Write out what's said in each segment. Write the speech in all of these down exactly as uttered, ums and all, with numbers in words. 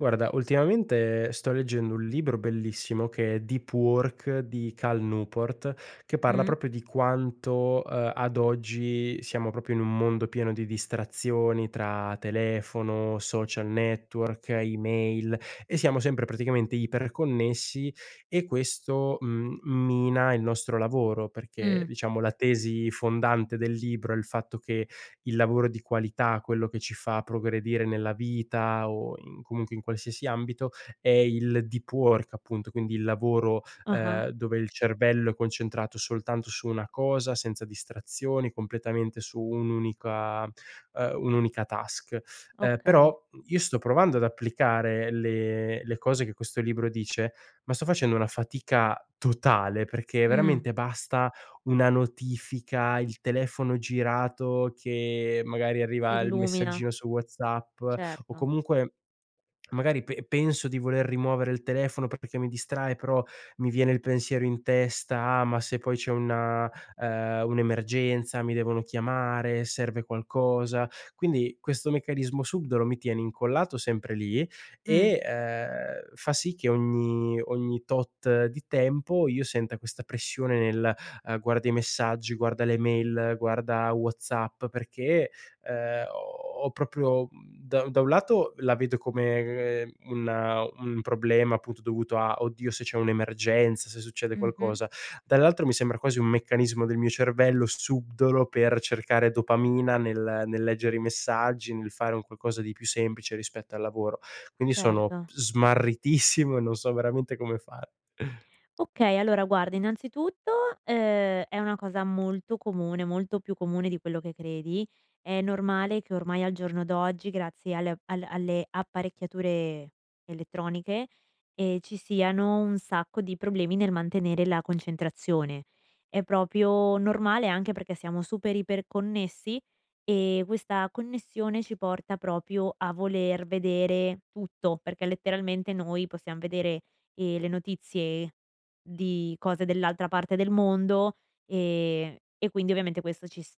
Guarda, ultimamente sto leggendo un libro bellissimo che è Deep Work di Cal Newport, che parla Mh. proprio di quanto, ehm, ad oggi siamo propio in un mondo pieno di distrazioni tra telefono, social network, email e siamo sempre praticamente iperconnessi e questo m mina il nostro lavoro, perché Mh. la tesi fondante del libro è il fatto che il lavoro di qualità, quello che ci fa progredire nella vita o in comunque in qualsiasi ambito, è il deep work, appunto, quindi il lavoro, Ah-ah. ehm, dove il cervello è concentrato soltanto su una cosa, senza distrazioni, completamente su un'unica, ehm, un'unica task. Ehm, Okay. però, mhmm, io sto provando ad applicare le le cose che questo libro dice, ma sto facendo una fatica totale, perché Mh. veramente basta una notifica, il telefono girato, che magari arriva il S'illumina. messaggino su WhatsApp o Certo. comunque magari pe penso di voler rimuovere il telefono, pe pe che mi distrae, però mi viene il pensiero in testa: “Ma se poi c'è una, ehm, un'emergenza, mi devono chiamare, serve qualcosa?”. Quindi questo meccanismo subdolo mi tiene incollato sempre lì Mh. e, ehm, fa sì che ogni ogni tot di tempo io senta questa pressione nel, uhm, guarda i messaggi, guarda le mail, guarda WhatsApp, perché, ehm, ho ho proprio, mhmm, da da un lato la vedo come una un problema appunto dovuto a: "Oddio, se c'è un'emergenza, se succede Mh-mh. qualcosa". Dall'altro mi sembra quasi un meccanismo del mio cervello subdolo per cercare dopamina nel nel leggere i messaggi, nel fare un qualcosa di più semplice rispetto al lavoro. Quindi sono Certo. smarritissimo e non so veramente come fare. Okay, allora, guarda, innanzitutto, ehm, è una cosa molto comune, molto più comune di quello che credi. È normale che ormai, al giorno d'oggi, grazie alle al alle apparecchiature elettroniche, ehm, ci siano un sacco di problemi nel mantenere la concentrazione. È propio normale, anche perché siamo super iper-connessi e questa connessione ci porta propio a voler vedere tutto, perché letteralmente noi possiam vedere, ehm, le notizie di cose dell'altra parte del mondo, ehm, e quindi ovviamente questo ci s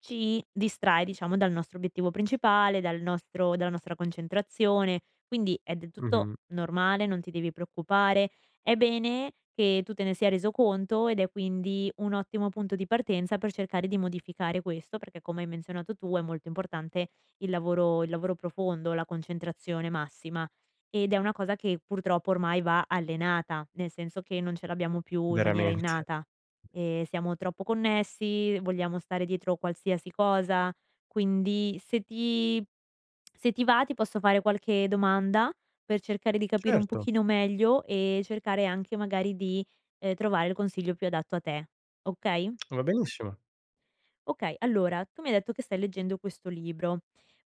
ci distrae, diciamo, dal nostro obiettivo principale, dal nostro dalla nostra concentrazione. Quindi è del tutto Mh-mh. normale, non ti devi preoccupare, è bene che tu te ne sia reso conto, ed è quindi un ottimo punto di partenza per cercare di modificare questo, perché come hai menzionato tu è molto importante il lavoro il lavoro profondo, la concentrazione massima. Ed è una cosa che purtroppo ormai va allenata, nel senso che non ce l'abbiamo più in maniera Veramente. innata e siamo troppo connessi, vogliamo stare dietro qualsiasi cosa, quindi se ti se ti va ti posso fare qualche domanda, per cercare di capire un Certo. pochino meglio e cercare anche magari di, ehm, trovare il consiglio più adatto a te. Okay? Va benissimo. Okay, allora, tu mi hai detto che stai leggendo questo libro,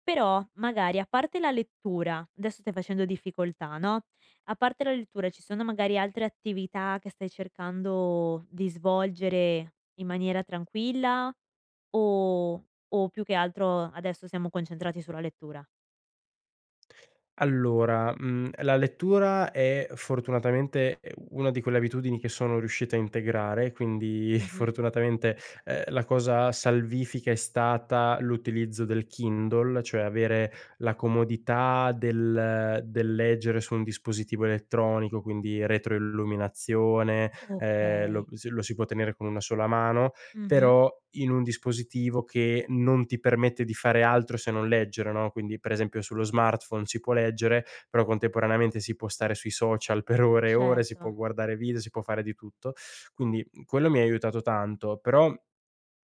però, magari, a parte la lettura adesso stai facendo difficoltà, no a parte la lettura, ci sono magari altre attività che stai cercando di svolgere in maniera tranquilla o o più che altro adesso siamo concentrati sulla lettura? Allora, mhmm, la lettura è fortunatamente, ehm, una di quelle abitudini che sono riuscito a integrare, quindi, Mh-mh. fortunatamente, ehm, la cosa salvifica è stata l'utilizzo del Kindle, cioè avere la comodità del del leggere su un dispositivo elettronico, quindi retroilluminazione, ehm, lo Okay. si lo si può tenere con una sola mano, Mh-mh. però in un dispositivo che non ti permette di fare altro se non leggere, no, quindi, per esempio, sullo smartphone si può leggere, però contemporaneamente si può stare sui social per ore e ore, si può Certo. guardare video, si può fare di tutto. Quindi, mhmm, quello mi ha aiutato tanto, però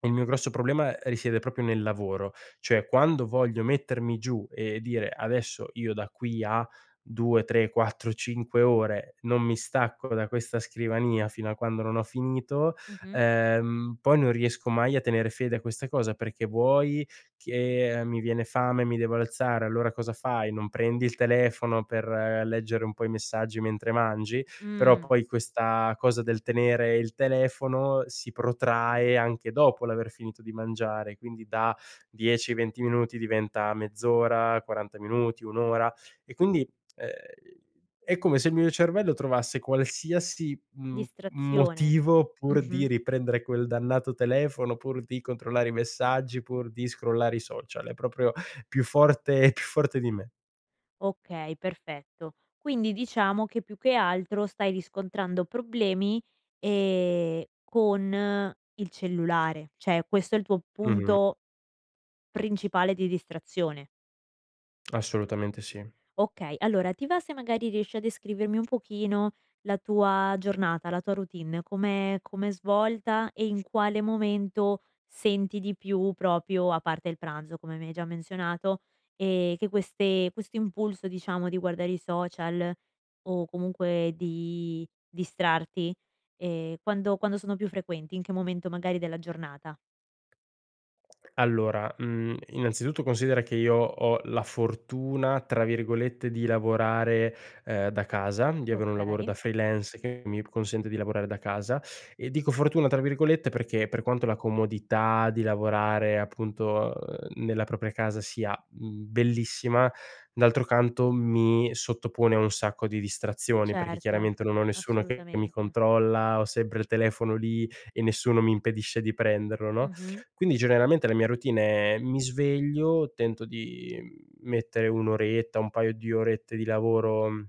il mio grosso problema risiede proprio nel lavoro. ceh quando voglio mettermi giù e dire: “Adesso io da qui a due, tre, quattro, cinque ore, non mi stacco da questa scrivania fino a quando non ho finito”, Mh-mh. ehm, poi non riesco mai a tenere fede a questa cosa perché vuoi che, ehm, mi viene fame, mi devo alzare, allora cosa fai? Non prendi il telefono per leggere un po' i messaggi mentre mangi? Però Mh. poi questa cosa del tenere il telefono si protrae anche dopo l'aver finito di mangiare, quindi da dieci, venti minuti diventa mezz'ora, quaranta minuti, un ora. E, quindi, ehm, è come se il mio cervello trovasse qualsiasi m Distrazione, motivo pur di mh-mh. riprendere quel dannato telefono, pur di controllare i messaggi, pur di scrollare i social. È proprio più forte è più forte di me. Okay, perfetto. Quindi diciamo che, più che altro, stai riscontrando problemi, ehm, con il cellulare, ceh questo è il tuo Mh-mh. punto principale di distrazione. Assolutamente sì. Okay, allora, ti va se magari riesci a descrivermi un pochino la tua giornata, la tua routine, come com'è svolta e in quale momento senti di più propio, a parte il pranzo, come mi hai già menzionato, ehm, che queste questo impulso, diciamo, di guardare i social, o comunque di distrarti ehm, quando quando sono più frequenti, in che momento magari della giornata? Allora, mhmm, innanzitutto, considera che io ho la fortuna, tra virgolette di "lavorare", ehm, "da casa", di avere un lavoro Okay. da freelance, che mi consente di lavorare da casa, e dico "fortuna", tra virgolette, perché per quanto la comodità di lavorare, appunto, uhm, nella propria casa sia, mhmm, bellissima, d'altro canto, mi sottopone a un sacco di distrazioni, perché, Certo, chiaramente, non ho nessuno che mi assolutamente. controlla, ho sempre il telefono lì e nessuno mi impedisce di prenderlo, no? Mh-mh. Quindi generalmente la mia routine è: mi sveglio, tento di, mhmm, mettere un oretta, un paio di orette di lavoro, mhmm,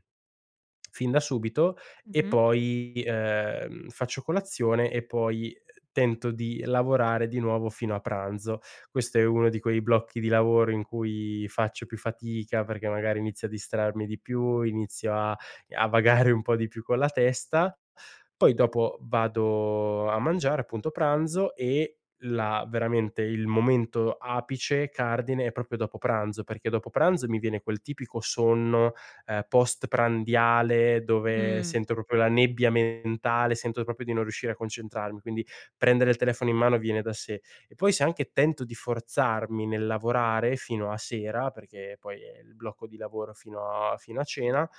fin da subito e Mh-mh. poi, ehm, faccio colazione, e poi tento di lavorare di nuovo fino a pranzo. Questo è uno di quei blocchi di lavoro in cui faccio più fatica, perché magari inizio a distrarmi di più, inizio a a vagare un po' di più con la testa. Poi dopo vado a mangiare, appunto, pranzo e la veramente il momento apice, cardine, è propio dopo pranzo perché dopo pranzo mi viene quel tipico sonno, ehm, postprandiale dove Mh. sento propio la nebbia mentale, sento propio di non riuscire a concentrarmi, quindi prendere il telefono in mano viene da sé. E poi se anche tento di forzarmi nel lavorare fino a sera, perché poi è il blocco di lavoro fino a fino a cena,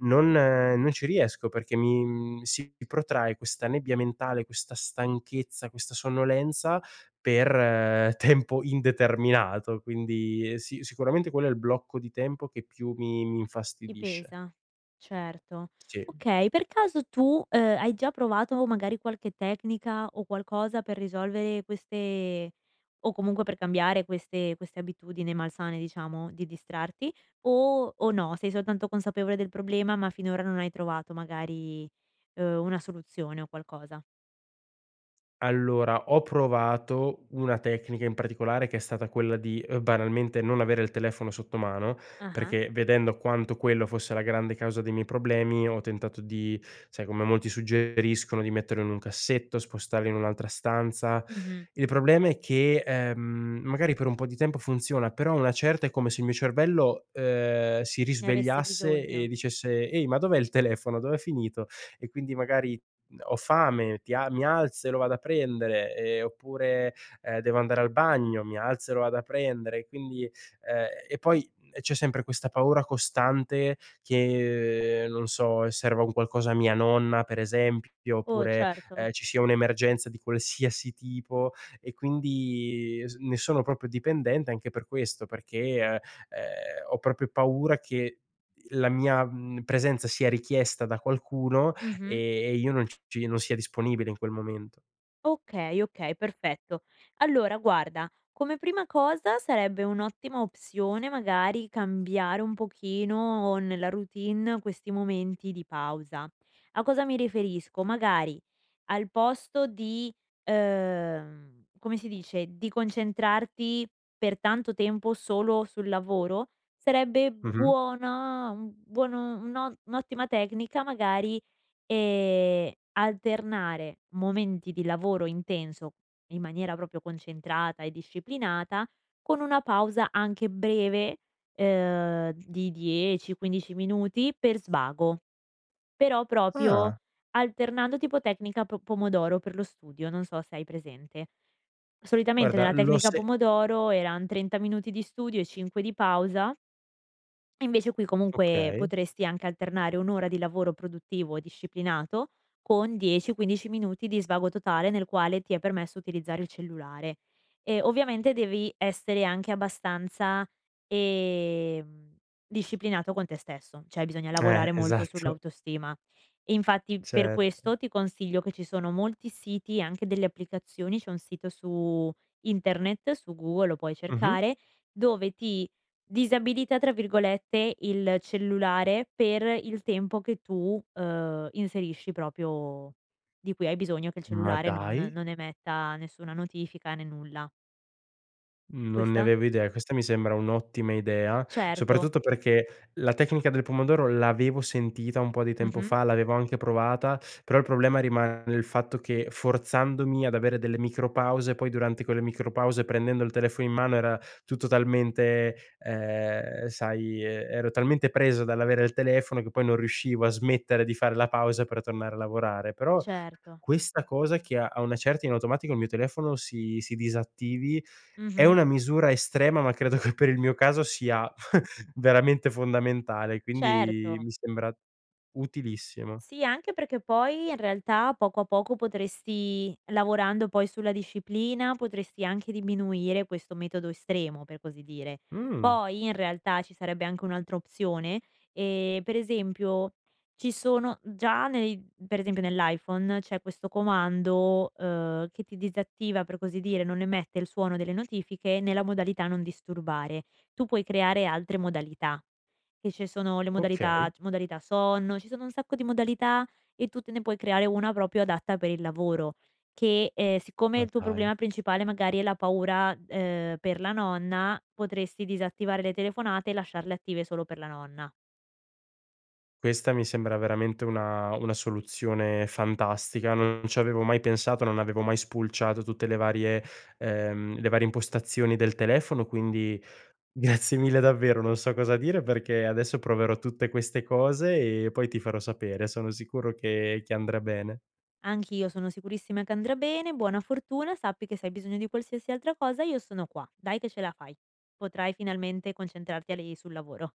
non non ci riesco perché mi mhmm, si protrae questa nebbia mentale, questa stanchezza, questa sonnolenza per tempo indeterminato, quindi sì, sicuramente quello è il blocco di tempo che più mi mi Ti infastidisce. pesa, certo, Sì. okay. Per caso tu, ehm, hai già provato, magari, qualche tecnico o qualcosa per risolvere queste o comunque per cambiare queste queste abitudini malsane, diciamo, di distrarti o o no? Sei soltanto consapevole del problema, ma finora non hai trovato, magari, uhm, una soluzione o qualcosa? Allora, ho provato una tecnica in particolare che è stata quella di, uhm, banalmente non avere il telefono sotto mano, Mh-mh. perché vedendo quanto quello fosse la grande causa dei miei problemi, ho tentato di sai com'è, molti suggeriscono di metterlo in un cassetto, di spostarla in un'altra stanza. Mh-mh. Il problema è che, ehm, magari per un po' di tempo funziona, però a una certa è come se il mio cervello, ehm, si Ne avesse risvegliasse e bisogno. dicesse: "Ehi, ma dov'è il telefono? Dov'è finito?" e, quindi, magari, mhmm, ho fame, ti a mi alzo e lo vado a prendere, ehm, oppure, ehm, devo andare al bagno, mi alzo e lo vado a prendere, e quindi ehm, e poi, uhm, c'è sempre questa paura costante che, non so, serva un qualcosa a mia nonna, per esempio, Oh, oppure, certo. ehm, ci sia un'emergenza di qualsiasi tipo e quindi es ne sono propio dipendente anche per questo, perché, è uhm, ho proprio paura che la mia, mhmm, presenza sia richiesta da qualcuno e Mh-mh. e io non ci non sia disponibile in quel momento. Okay, okay, perfetto. Allora, guarda, come prima cosa sarebbe un'ottima opzione, magari, cambiare un pochino nella routine questi momenti di pausa. A cosa mi riferisco? Magari al posto di, uhm, come si dice, di concentrarti per tanto tempo solo sul lavoro, sarebbe Mh-mh. buona uhm, buon un un'o un'ottima tecnica magari, ehm, alternare momenti di lavoro intenso in maniera propio concentrata e disciplinata con una pausa anche breve, ehm, di dieci, quindici minuti per svago, però propio Ah. alternando, tipo tecnica po pomodoro per lo studio, non so se hai presente. Solitamente Guarda nella l'ho tecnica se pomodoro eran trenta minuti di studio e cinque di pausa invece qui comunque Okay. potresti anche alternare un'ora di lavoro produttivo disciplinato con dieci, quindici minuti di svago totale, nel quale ti è permesso utilizzare il cellulare e, ovviamente, devi essere anche abbastanza, ehm, disciplinato con te stesso, ceh bisogna Eh, lavorare molto esatto. sull'autostima, infatti per Certo. questo ti consiglio che ci sono molti siti e anche delle applicazioni, c'è un sito su internet, su Google lo puoi Mh-mh. cercare, dove ti "disabilita", tra virgolette, il cellulare per il tempo che tu, uhm, inserisci, propio di cui hai bisogno che il Ma cellulare non dai. non emetta nessuna notifica, né nulla. Mhmm, non ne Questa avevo idea, questa mi sembra un'ottima idea, Certo. soprattutto perché la tecnica del pomodoro l'avevo sentita un po' di tempo Mh-mh. fa, l'avevo anche provata, però il problema rimane il fatto che forzandomi ad avere delle micro pause, poi durante quelle micro pause, prendendo il telefono in mano, era tutto talmente, ehm, sai, ehm, ero talmente preso dall'avere il telefono che poi non riuscivo a smettere di fare la pausa per tornare a lavorare. Però Certo. questa cosa che a a una certa in automatico il mio telefono si si disattivi è Mh-mh. una misura estrema, ma credo che per il mio caso sia veramente fondamentale, quindi Certo. mi sembra utilissima. Sì, anche perché poi, in realtà, poco a poco, potresti lavorando poi sulla disciplina, potresti anche diminuire questo metodo estremo, per così dire, Mh. poi, in realtà, ci sarebbe anche un'altra opzione, ehm, per esempio ci sono già nei per esempio nell'iPhone c'è questo comando, uhm, che ti disattiva, per così dire, non emette il suono delle notifiche nella modalità non disturbare. Tu puoi creare altre modalità: che ci sono le modalità Okay. c modalità sonno, ci sono un sacco di modalità e tu te ne puoi creare una proprio adatta per il lavoro che, ehm, siccome Ma il tuo dai. problema principale magari è la paura, ehm, per la nonna, potresti disattivare le telefonate e lasciarle attive solo per la nonna. Questa mi sembra veramente una una soluzione fantastica. Non ci avevo mai pensato, non avevo mai spulciato tutte le varie ehm, le varie impostazioni del telefono. Quindi grazie mille davvero, non so cosa dire perché adesso proverò tutte queste cose e poi ti farò sapere. Sono sicuro che che andrà bene. Anch'io sono sicurissima che andrà bene. Buona fortuna, sappi che se hai bisogno di qualsiasi altra cosa io sono qua. Dai che ce la fai! Potrai finalmente concentrarti a li sul lavoro.